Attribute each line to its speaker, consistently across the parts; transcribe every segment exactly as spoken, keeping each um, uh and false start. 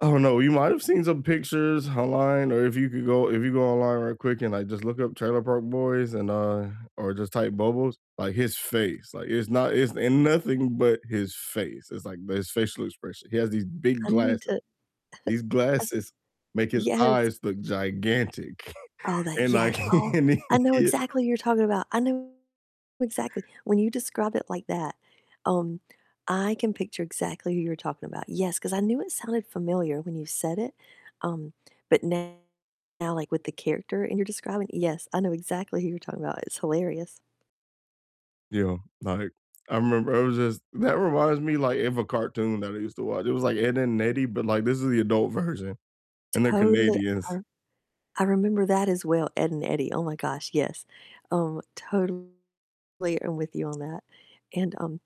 Speaker 1: I don't know, you might have seen some pictures online, or if you could go if you go online real quick and, like, just look up Trailer Park Boys and, uh, or just type Bubbles. Like, his face, like, it's not it's ain't nothing but his face. It's like his facial expression. He has these big
Speaker 2: I need
Speaker 1: glasses.
Speaker 2: to
Speaker 1: These glasses make his
Speaker 2: Yes.
Speaker 1: eyes look gigantic
Speaker 2: Oh, that
Speaker 1: and, like,
Speaker 2: yes. Oh,
Speaker 1: and
Speaker 2: I know
Speaker 1: he
Speaker 2: exactly who you're talking about. I know exactly. When you describe it like that, um, I can picture exactly who you're talking about. Yes, 'cause I knew it sounded familiar when you said it, um, but now, like with the character and you're describing, yes, I know exactly who you're talking about, it's hilarious.
Speaker 1: Yo, like, I remember it was just that reminds me, like, of a cartoon that I used to watch. It was like Ed, Edd n Eddy, but, like, this is the adult version, and they're
Speaker 2: Totally, I
Speaker 1: Canadians.
Speaker 2: I remember that as well, Ed and Eddie, oh my gosh, yes. Um, totally am with you on that. And, um,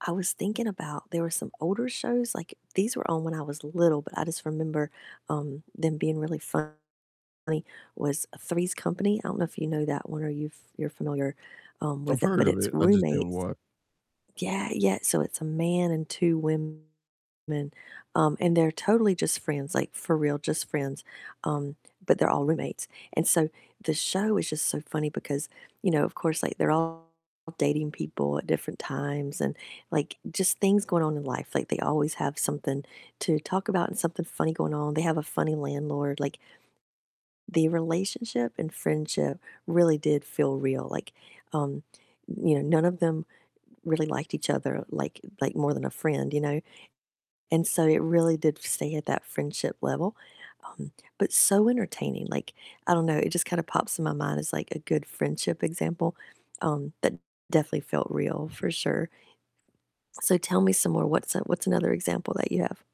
Speaker 2: I was thinking about, there were some older shows, like these were on when I was little, but I just remember, um, them being really funny, was Three's Company, I don't know if you know that one or you've you're familiar, um,
Speaker 1: I've
Speaker 2: with it, but
Speaker 1: heard of it.
Speaker 2: it's
Speaker 1: I just didn't
Speaker 2: roommates
Speaker 1: wa
Speaker 2: Yeah, yeah, so it's a man and two women. Um, and they're totally just friends, like for real just friends, um, but they're all roommates and so the show is just so funny because, you know, of course like they're all dating people at different times and, like, just things going on in life, like they always have something to talk about and something funny going on. They have a funny landlord. Like the relationship and friendship really did feel real. Like, um, you know, none of them really liked each other like like more than a friend, you know? And so it really did stay at that friendship level, um, but so entertaining, like, I don't know, it just kinda pops in my mind as like a good friendship example, um, that definitely felt real, for sure. So tell me some more. What's a what's another example that you have?